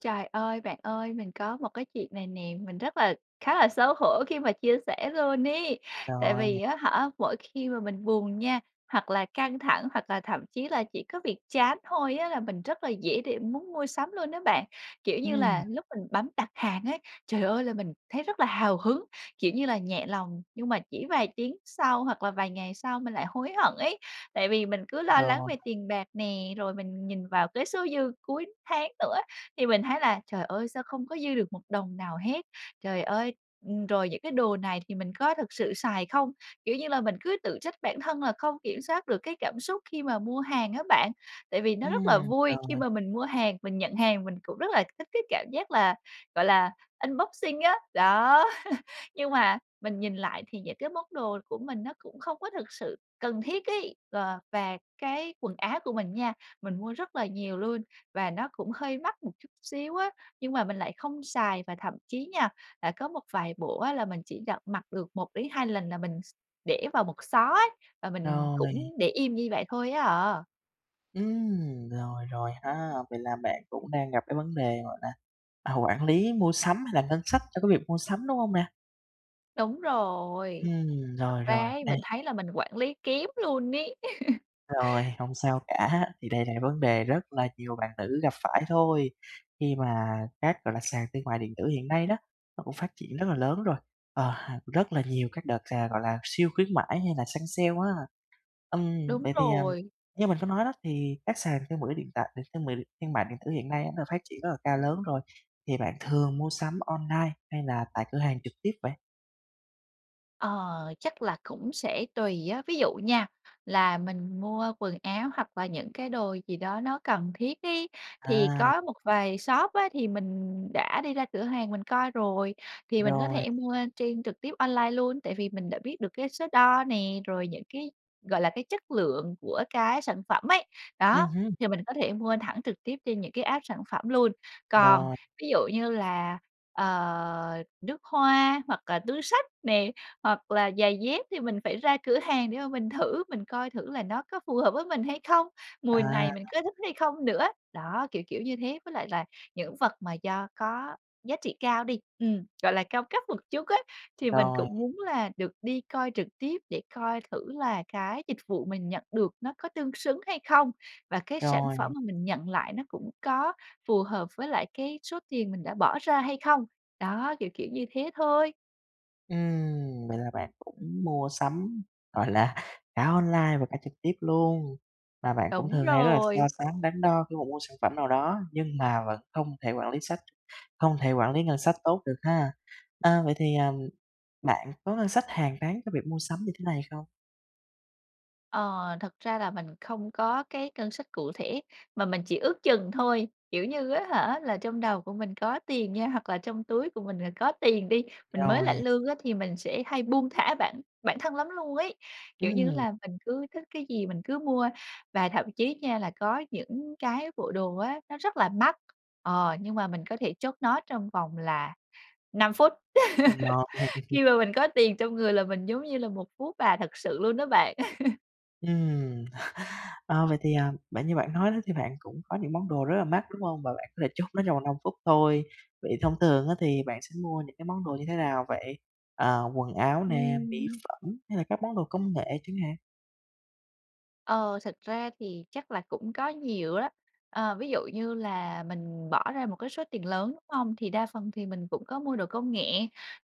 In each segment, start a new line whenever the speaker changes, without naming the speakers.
Trời ơi! Bạn ơi, mình có một cái chuyện này nè, mình rất là khá là xấu hổ khi mà chia sẻ luôn ấy. Tại
Rồi
vì
nè.
á hả, mỗi khi mà mình buồn nha, hoặc là căng thẳng, hoặc là thậm chí là chỉ có việc chán thôi á là mình rất là dễ để muốn mua sắm luôn á bạn. Kiểu như
Ừm.
là, lúc mình bấm đặt hàng á, trời ơi, là mình thấy rất là hào hứng, kiểu như là, nhẹ lòng. Nhưng mà chỉ vài tiếng sau hoặc là vài ngày sau mình lại hối hận ấy, tại vì mình cứ lo lắng
Rồi.
về tiền bạc nè, rồi mình nhìn vào cái số dư cuối tháng nữa thì mình thấy là "Trời ơi, sao không có dư được một đồng nào hết, trời ơi", ừm, rồi: "Những cái đồ này thì mình có thực sự xài không?" Kiểu như là, mình cứ tự trách bản thân là không kiểm soát được cái cảm xúc khi mà mua hàng á bạn. Tại vì nó rất là
Ừm,
vui khi
rồi.
mà mình mua hàng, mình nhận hàng mình cũng rất là thích cái cảm giác là, gọi là, unboxing á, đó. Nhưng mà, mình nhìn lại thì những cái món đồ của mình nó cũng không có thực sự cần thiết ấy. Ờ, và cái quần áo của mình nha, mình mua rất là nhiều luôn và nó cũng hơi mắc một chút xíu á, nhưng mà mình lại không xài. Và thậm chí nha là có một vài bộ á là mình chỉ đặt mặc được 1-2 lần là mình s để vào một xó ấy và mình
Rồi.
cũng để im như vậy thôi á à.
Ừm, rồi, rồi ha, vậy là bạn cũng đang gặp cái vấn đề gọi là quản lý mua sắm hay làm ngân sách cho cái việc mua sắm, đúng hông nè?
Đúng rồi,
Ừm,
thực
rồi, rồi,
ra ấy
đây.
mình thấy là mình quản lý kém luôn ấy.
Rồi, hông sao cả, thì đây là vấn đề rất là nhiều bạn nữ gặp phải thôi, khi mà các gọi là, sàn thương mại điện tử hiện nay đó, nó cũng phát triển rất là lớn rồi, ờ, rất là nhiều các đợt, à, gọi là, siêu khuyến mãi hay là săn sale á. Ừm,
Đúng
vậy thì, ờ,
rồi.
như mình có nói đó, thì các sàn thương mọi điện tại thương mọi điện thương mại điện tử hiện nay nó phát triển rất là cao lớn rồi, thì bạn thường mua sắm online hay là tại cửa hàng trực tiếp vậy?
Ờ, chắc là cũng sẽ tùy á, ví dụ nha, là mình mua quần áo hoặc là những cái đồ gì đó nó cần thiết ấy thì
À.
có một vài shop á, thì mình đã đi ra cửa hàng mình coi rồi, thì mình có
Rồi.
thể mua trên trực tiếp online luôn tại vì mình đã biết được cái số đo nè, rồi những cái gọi là cái chất lượng của cái sản phẩm ấy,
Ừ
đó,
hứ.
thì mình có thể mua thẳng trực tiếp trên những cái app sản phẩm luôn. Còn
Rồi.
ví dụ như là, ờ, nước hoa hoặc là túi xách nè, hoặc là giày dép thì mình phải ra cửa hàng để mà mình thử, mình coi thử là nó có phù hợp với mình hay không, mùi
À.
này mình có thích hay không nữa. Đó, kiểu kiểu, như thế, với lại là những vật mà do có giá trị cao đi, ừm, gọi là cao cấp một chút á thì mình
Rồi.
cũng muốn là được đi coi trực tiếp để coi thử là cái dịch vụ mình nhận được nó có tương xứng hay không? Và cái sản
Rồi.
phẩm mà mình nhận lại nó cũng có phù hợp với lại cái số tiền mình đã bỏ ra hay không? Đó, kiểu kiểu, như thế thôi.
Ừm, vậy là bạn cũng mua sắm, gọi là, cả online và cả trực tiếp luôn. Và bạn cũng
Đúng
thường hay rất là so
rồi.
sánh, đắn đo khi mà mua sản phẩm nào đó, nhưng mà vẫn không thể quản lý sách không thể quản lý ngân sách tốt được ha. A, vậy thì, ờm, bạn có ngân sách hàng tháng cho việc mua sắm như thế này không?
Ờ, thật ra là mình không có cái ngân sách cụ thể mà mình chỉ ước chừng thôi. Kiểu như á hả là trong đầu của mình có tiền nha, hoặc là trong túi của mình là có tiền đi, mình mới lãnh
Rồi.
lương á, thì mình sẽ hay buông thả bản bản thân lắm luôn ấy. Kiểu như á
Ừm.
là mình cứ thích cái gì mình cứ mua, và thậm chí nha là có những cái bộ đồ á, nó rất là mắc, ờ, nhưng mà mình có thể chốt nó trong vòng là 5 phút.
Rồi.
Khi mà mình có tiền trong người là mình giống như là một phú bà thật sự luôn đó bạn.
Ừm, ờ, vậy thì, ờm, bạn như bạn nói đó thì bạn cũng có những món đồ rất là mắc, đúng hông? Và bạn có thể chốt nó trong vòng 5 phút thôi. Vậy thông thường á, thì bạn sẽ mua những cái món đồ như thế nào vậy? À, quần áo nè, mỹ
Ừm.
phẩm, hay là các món đồ công nghệ chẳng hạn?
Ờ, thực ra thì chắc là cũng có nhiều đó. Ờ, ví dụ như là mình bỏ ra một cái số tiền lớn, đúng hông? Thì đa phần thì mình cũng có mua đồ công nghệ,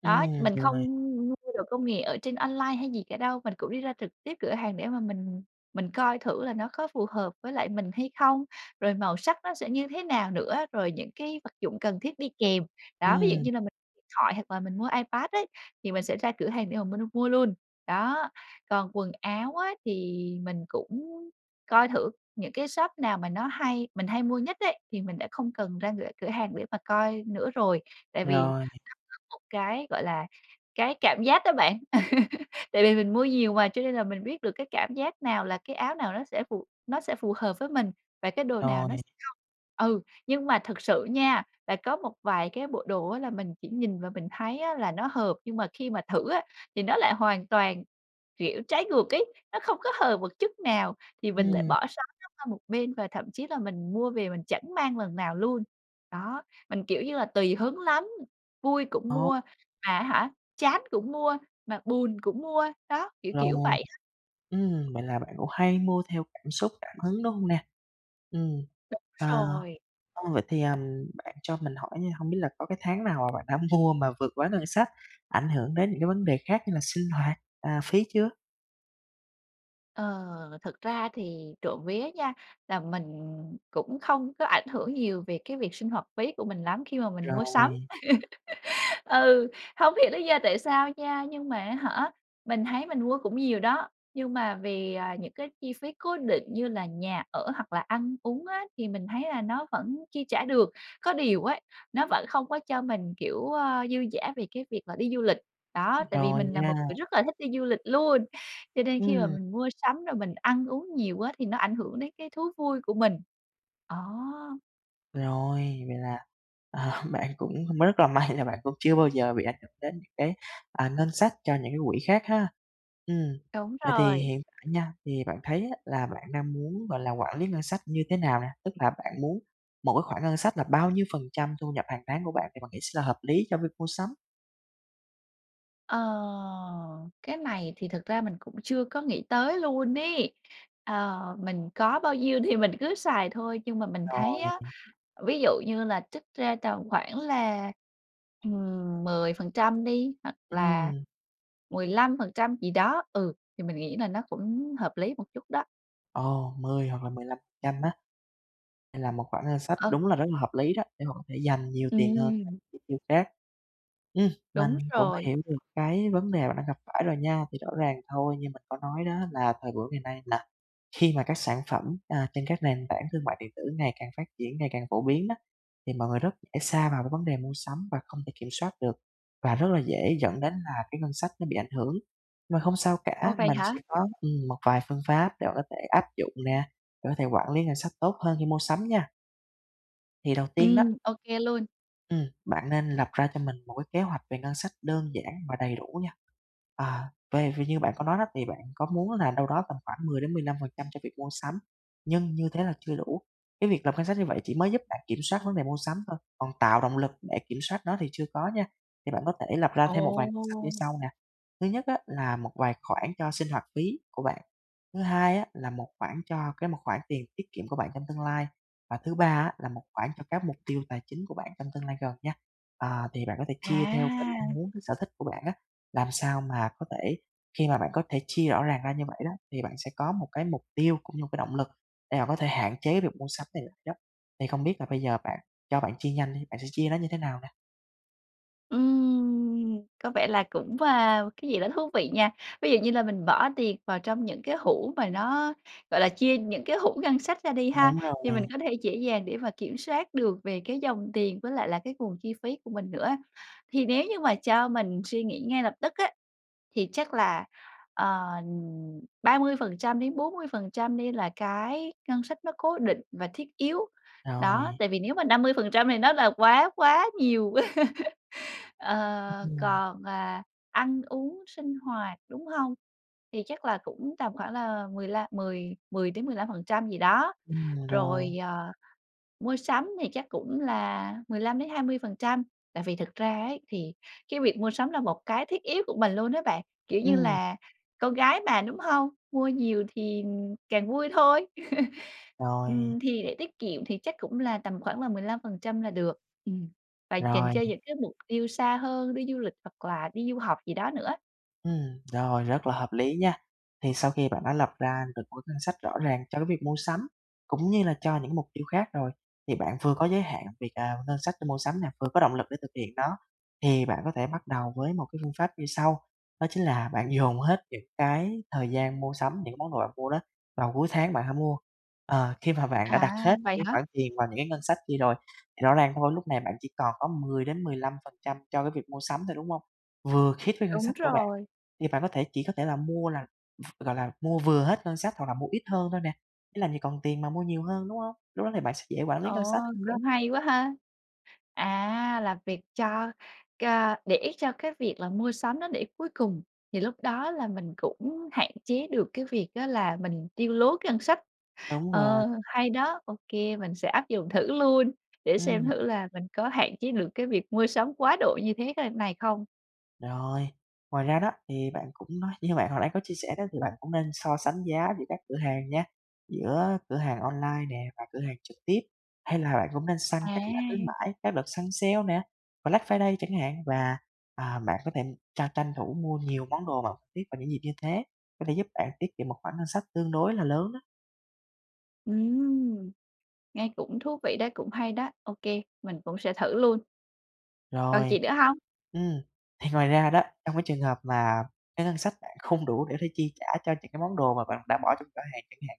đó,
Ừm,
mình
rồi
không
này.
mua đồ công nghệ ở trên online hay gì cả đâu, mình cũng đi ra trực tiếp cửa hàng để mà mình mình coi thử là nó có phù hợp với lại mình hay không, rồi màu sắc nó sẽ như thế nào nữa, rồi những cái vật dụng cần thiết đi kèm. Đó, ví dụ
Ừm.
như là mình thoại hoặc là mình mua iPad ấy, thì mình sẽ ra cửa hàng để mà mình mua luôn, đó. Còn quần áo á, thì mình cũng coi thử những cái shop nào mà nó hay mình hay mua nhất ấy thì mình đã không cần ra cửa cửa hàng để mà coi nữa rồi, tại vì
Rồi.
nó có một cái gọi là cái cảm giác đó bạn. Tại vì mình mua nhiều mà cho nên là mình biết được cái cảm giác nào là cái áo nào nó sẽ phù nó sẽ phù hợp với mình và cái đồ nào
Rồi.
nó sẽ không. Ừ, nhưng mà thực sự nha, là có một vài cái bộ đồ á, là mình chỉ nhìn và mình thấy á là nó hợp nhưng mà khi mà thử á thì nó lại hoàn toàn, kiểu, trái ngược ấy, nó không có hợp một chút nào thì mình lại
Ừm.
bỏ xó nó qua một bên và thậm chí là mình mua về mình chẳng mang lần nào luôn. Đó, mình, kiểu như là, tùy hứng lắm, vui cũng
Ồ.
mua, mà á hả, chán cũng mua, mà buồn cũng mua. Đó, kiểu kiểu
Rồi,
vậy á.
ừm, vậy là bạn cũng hay mua theo cảm xúc, cảm hứng, đúng hông nè? Ừm,
Đúng
ờ,
rồi.
ừ, vậy thì, à, bạn cho mình hỏi nha, hông biết là có cái tháng nào mà bạn đã mua mà vượt quá ngân sách, ảnh hưởng đến những cái vấn đề khác như là sinh hoạt, à, phí chưa?
Ờ, thực ra thì trộm vía nha là mình cũng không có ảnh hưởng nhiều về cái việc sinh hoạt phí của mình lắm khi mà mình mua sắm.
Rồi.
Ừ, hông hiểu lý do tại sao nha, nhưng mà á hả, mình thấy mình mua cũng nhiều đó, nhưng mà vì, à, những cái chi phí cố định như là nhà ở hoặc là ăn uống á thì mình thấy là nó vẫn chi trả được. Có điều ấy nó vẫn không có cho mình, kiểu, a, dư dả về cái việc mà đi du lịch, đó, tại vì
Rồi
mình là
nha.
một người rất là thích đi du lịch luôn, cho nên khi mà
Ừm.
mình mua sắm rồi mình ăn uống nhiều á thì nó ảnh hưởng đến cái thú vui của mình, đó.
Rồi, vậy là, ờ, bạn cũng rất là may là bạn cũng chưa bao giờ bị ảnh hưởng đến những cái, à, ngân sách cho những cái quỹ khác ha. Ừm,
Đúng
vậy thì
rồi.
hiện tại nha, thì bạn thấy á là bạn đang muốn, gọi là, quản lý ngân sách như thế nào nà? Tức là bạn muốn mỗi khoản ngân sách là bao nhiêu phần trăm thu nhập hàng tháng của bạn thì bạn nghĩ sẽ là hợp lý cho cái việc mua sắm.
Ờ, cái này thì thực ra mình cũng chưa có nghĩ tới luôn ấy, ờ, mình có bao nhiêu thì mình cứ xài thôi, nhưng mà mình thấy
Rồi.
á, ví dụ như là trích ra tầm khoảng là, ừm, 10% đi hoặc là
Ừm.
15% gì đó, ừ, thì mình nghĩ là nó cũng hợp lý một chút đó.
Ồ! 10 hoặc là 15% á? Đây là một khoản ngân sách
Ờ.
đúng là rất là hợp lý đó, để mà có thể dành nhiều tiền hơn cho
Ừm.
chi tiêu khác. Ừm, mình
Đúng
cũng đã
rồi.
hiểu được cái vấn đề bạn đang gặp phải rồi nha. Thì rõ ràng thôi, như mình có nói đó, là thời buổi ngày nay là khi mà các sản phẩm, a, trên các nền tảng thương mại điện tử ngày càng phát triển, ngày càng phổ biến á, thì mọi người rất dễ sa vào cái vấn đề mua sắm và không thể kiểm soát được, và rất là dễ dẫn đến là cái ngân sách nó bị ảnh hưởng. Mà không sao
Ồ,
cả,
vậy
mình
hả?
sẽ có ừm, một vài phương pháp để bạn có thể áp dụng nè, để có thể quản lý ngân sách tốt hơn khi mua sắm nha. Thì đầu tiên đó
Ừm, ô kê luôn.
Ừm, bạn nên lập ra cho mình một cái kế hoạch về ngân sách đơn giản và đầy đủ nha. Ờ, về về như bạn có nói đó, thì bạn có muốn là đâu đó tầm khoảng 10 đến 15% cho việc mua sắm, nhưng như thế là chưa đủ. Cái việc lập ngân sách như vậy chỉ mới giúp bạn kiểm soát vấn đề mua sắm thôi, còn tạo động lực để kiểm soát nó thì chưa có nha. Thì bạn có thể lập ra thêm một vài pháp như
Ồ!
sau nè. Thứ nhất á là một vài khoản cho sinh hoạt phí của bạn, thứ hai á là một khoản cho cái một khoản tiền tiết kiệm của bạn trong tương lai, và thứ ba á là một khoản cho các mục tiêu tài chính của bạn trong tương lai gần nha. Ờ, thì bạn có thể chia theo cái mong
À.
muốn, cái sở thích của bạn á, làm sao mà có thể khi mà bạn có thể chia rõ ràng ra như vậy đó, thì bạn sẽ có một cái mục tiêu, cũng như một cái động lực để bạn có thể hạn chế việc mua sắm này lại đó. Thì không biết là bây giờ bạn cho bạn chia nhanh đi, bạn sẽ chia nó như thế nào nè?
Ừm, có vẻ là cũng wow cái gì đó thú vị nha. Ví dụ như là mình bỏ tiền vào trong những cái hũ mà nó gọi là chia những cái hũ ngân sách ra đi ha,
Đúng rồi.
thì mình có thể dễ dàng để mà kiểm soát được về cái dòng tiền với lại là cái nguồn chi phí của mình nữa. Thì nếu như mà cho mình suy nghĩ ngay lập tức á, thì chắc là, ờ, 30%-40% đi là cái ngân sách nó cố định và thiết yếu, đó,
Rồi.
tại vì nếu mà 50% thì nó là quá quá nhiều. Ờ,
Ừm.
còn, à, ăn uống sinh hoạt, đúng hông? Thì chắc là cũng tầm khoảng là mười lăm mười mười đến 15% gì đó.
Ừm, rồi.
Rồi, ờ, mua sắm thì chắc cũng là 15-20%, tại vì thực ra ấy thì cái việc mua sắm là một cái thiết yếu của mình luôn á bạn, kiểu như
Ừm.
là, con gái mà, đúng hông? Mua nhiều thì càng vui thôi.
Rồi.
Ừm, thì để tiết kiệm thì chắc cũng là tầm khoảng là 15% là được, ừm, và dành
Rồi.
cho những cái mục tiêu xa hơn đi du lịch hoặc là đi du học gì đó nữa.
Ừm, rồi rất là hợp lý nha. Thì sau khi bạn đã lập ra được một cái ngân sách rõ ràng cho cái việc mua sắm, cũng như là cho những mục tiêu khác rồi, thì bạn vừa có giới hạn việc, à, ngân sách để mua sắm nè, vừa có động lực để thực hiện nó, thì bạn có thể bắt đầu với một cái phương pháp như sau, đó chính là bạn dồn hết những cái thời gian mua sắm, những món đồ mà bạn mua đó vào cuối tháng bạn hãy mua. Ờ, khi mà bạn đã
À,
đặt hết những
vậy
cái
hả?
khoản tiền vào những cái ngân sách kia rồi, rõ ràng thôi lúc này bạn chỉ còn có 10-15% cho cái việc mua sắm thôi, đúng hông? Vừa khít với ngân
Đúng
sách của bạn,
rồi.
thì bạn có thể chỉ có thể là mua là, gọi là, mua vừa hết ngân sách hoặc là mua ít hơn thôi nè, chứ làm gì còn tiền mà mua nhiều hơn, đúng hông? Lúc đó thì bạn sẽ dễ quản lý ngân
Ờ,
sách hơn đó.
cũng hay quá ha! À, là việc cho c để cho cái việc là mua sắm nó để cuối cùng thì lúc đó là mình cũng hạn chế được cái việc á là mình tiêu lố cái ngân sách.
Đúng rồi.
Ờ, hay đó, ô kê mình sẽ áp dụng thử luôn, để
Ừm.
xem thử là mình có hạn chế được cái việc mua sắm quá độ như thế c này không.
Rồi, ngoài ra đó thì bạn cũng nói như bạn hồi nãy có chia sẻ đó thì bạn cũng nên so sánh giá giữa các cửa hàng nha, giữa cửa hàng online nè và cửa hàng trực tiếp. Hay là bạn cũng nên săn các giảm khuyến
À.
mãi, các đợt săn sale nè, Black Friday chẳng hạn và, ờ, bạn có thể tra tranh thủ mua nhiều món đồ mà tiếp vào những dịp như thế, có thể giúp bạn tiết kiệm một khoản ngân sách tương đối là lớn đó.
Ừm, nghe cũng thú vị đấy, cũng hay đó, ô kê, mình cũng sẽ thử luôn. Còn
Rồi,
gì nữa hông?
ừm, thì ngoài ra đó, trong cái trường hợp mà cái ngân sách bạn không đủ để có thể chi trả cho những cái món đồ mà bạn đã bỏ trong giỏ hàng chẳng hạn.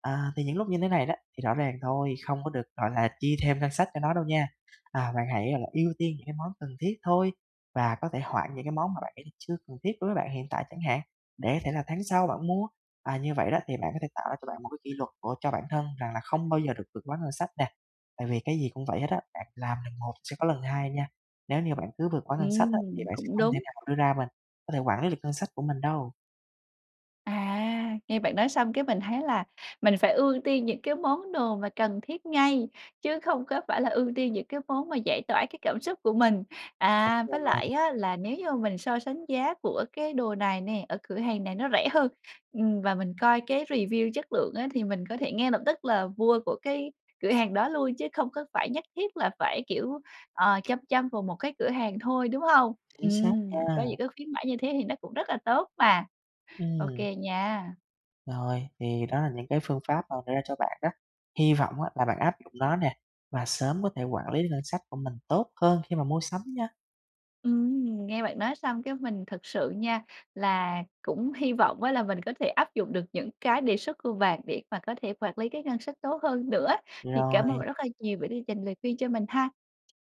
Ờ, thì những lúc như thế này đó, thì rõ ràng thôi, không có được gọi là chi thêm ngân sách cho nó đâu nha, à, bạn hãy là ưu tiên những cái món cần thiết thôi, và có thể hoãn những cái món mà bạn thấy là chưa cần thiết đối với bạn hiện tại chẳng hạn, để có thể là tháng sau bạn mua. À, như vậy đó thì bạn có thể tạo ra cho bạn một cái kỷ luật của cho bản thân rằng là không bao giờ được vượt quá ngân sách nè. Tại vì cái gì cũng vậy hết á, bạn làm lần một sẽ có lần hai nha, nếu như bạn cứ vượt quá ngân sách á thì
Ừm,
bạn sẽ
cũng
không thể
đúng.
nào mà đưa ra mình có thể quản lý được ngân sách của mình đâu.
À, nghe bạn nói xong cái mình thấy là mình phải ưu tiên những cái món đồ mà cần thiết ngay, chứ không có phải là ưu tiên những cái món mà giải tỏa cái cảm xúc của mình. À, với
Đúng rồi.
lại á là nếu như mình so sánh giá của cái đồ này nè, ở cửa hàng này nó rẻ hơn, ừm, và mình coi cái review chất lượng á, thì mình có thể ngay lập tức là mua của cái cửa hàng đó luôn chứ không có phải nhất thiết là phải, kiểu, ờ, chăm chăm vào một cái cửa hàng thôi, đúng hông?
Chính xác
Ừm,
nha.
có những cái khuyến mãi như thế thì nó cũng rất là tốt mà. Ô
Ừm.
kê nha.
Rồi, thì đó là những cái phương pháp mà đưa ra cho bạn đó. Hy vọng á là bạn áp dụng nó nè và sớm có thể quản lý được ngân sách của mình tốt hơn khi mà mua sắm nha.
Ừm, nghe bạn nói xong cái mình thật sự nha là cũng hy vọng á là mình có thể áp dụng được những cái đề xuất của bạn để mà có thể quản lý cái ngân sách tốt hơn nữa. Thì cảm ơn
Rồi.
bạn rất là nhiều bởi vì dành lời khuyên cho mình ha.